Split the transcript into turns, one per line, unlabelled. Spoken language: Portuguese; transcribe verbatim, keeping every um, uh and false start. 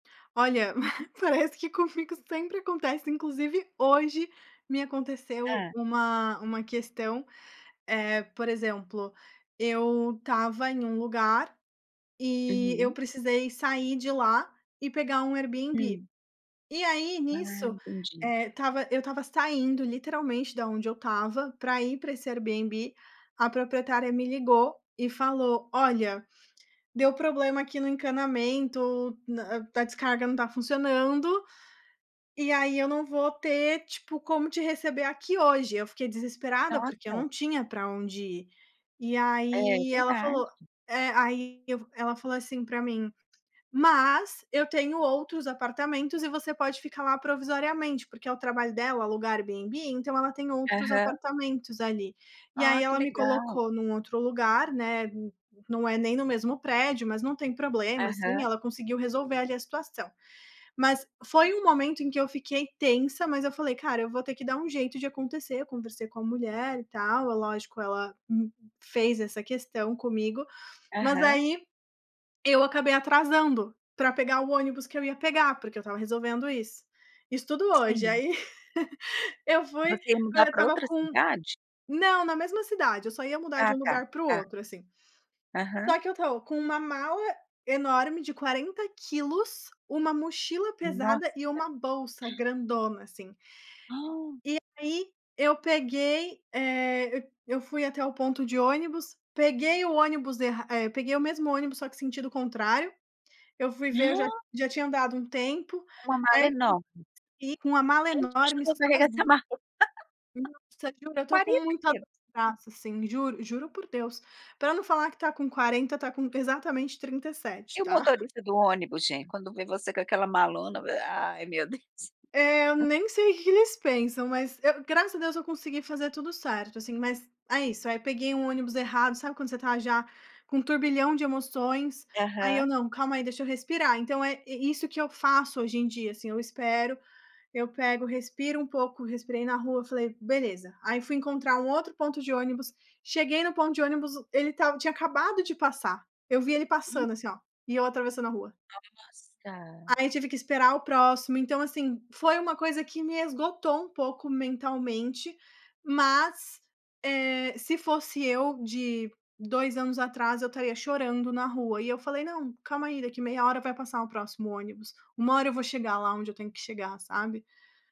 Olha, parece que comigo sempre acontece. Inclusive, hoje me aconteceu
Hã?
uma uma questão. Eh, por exemplo, eu estava em um lugar e eu
Uhum.
precisei sair de lá e pegar um Airbnb.
Hum.
E aí,
Ah,
nisso,
entendi.
eh, estava eu estava saindo literalmente da onde eu estava pra ir pra esse Airbnb. A proprietária me ligou e falou: "Olha, deu problema aqui no encanamento, hã, a descarga não tá funcionando. E aí eu não vou ter, tipo, como te receber aqui hoje.” Eu fiquei desesperada, porque eu
Nossa.
não tinha pra onde ir. E
É,
aí ela
verdade.
falou É, aí eu ela falou assim pra mim: “Mas eu tenho outros apartamentos e você pode ficar lá provisoriamente.” Porque é o trabalho dela alugar Airbnb, então ela tem outros
Aham.
apartamentos ali. E
Ó,
aí
que
ela me
legal.
colocou num outro lugar, né, não é nem no mesmo prédio. Mas não tem problema, assim.
Aham.
Ela conseguiu resolver ali a situação. Mas foi um momento em que eu fiquei tensa. Mas eu falei: “Cara, eu vou ter que dar um jeito de acontecer.” Eu conversei com a mulher e tal. É lógico, ela me fez essa questão comigo. Mas
Aham.
aí eu acabei atrasando pra pegar o ônibus que eu ia pegar, porque eu estava resolvendo isso. Isso tudo hoje.
Sim.
Aí eu fui
Você ia mudar
agora eu
para
estava
outra
com
cidade?
Não, na mesma cidade. Eu só ia mudar de
Ah,
um
tá.
lugar pro
Tá.
outro, assim.
Aham.
Só que eu tô com uma mala enorme de quarenta quilos, uma mochila pesada
Nossa.
e uma bolsa grandona, assim. E aí eu peguei, eh eu fui até o ponto de ônibus. Peguei o ônibus erra eh, peguei o mesmo ônibus, só que sentido o contrário. Eu fui ver, eu já já tinha andado um tempo.
Uma
Aí
mala enorme.
eu [unintelligible] com uma mala
Quem te
enorme,
ajudou a carregar essa
sozinha.
mala?
Nossa, juro, eu tô com
quarenta
muita dor
quilos.
no braço, assim. Juro juro por Deus. Para não falar que tá com quarenta, tá com exatamente trinta e sete,
E o
tá?
motorista do ônibus, gente, quando vê você com aquela malona? Ai, meu Deus.
Eh, eu nem sei o que eles pensam. Mas eu, graças a Deus, eu consegui fazer tudo certo, assim. Mas é isso. Aí, peguei um ônibus errado. Sabe quando você tá já com um turbilhão de emoções? Aí eu:
Aham.
“Não. Calma aí. Deixa eu respirar.” Então é isso que eu faço hoje em dia, assim. Eu espero. Eu pego, respiro um pouco. Respirei na rua. Falei: “Beleza.” Aí fui encontrar um outro ponto de ônibus. Cheguei no ponto de ônibus. Ele estava tinha acabado de passar. Eu vi ele passando, assim, ó. E eu atravessando a rua.
Nossa!
Aí, tive que esperar o próximo. Então, assim, foi uma coisa que me esgotou um pouco mentalmente. Mas, eh, se fosse eu de dois anos atrás, eu estaria chorando na rua. E eu falei: “Não. Calma aí. Daqui meia hora vai passar o próximo ônibus. Uma hora eu vou chegar lá onde eu tenho que chegar”, sabe?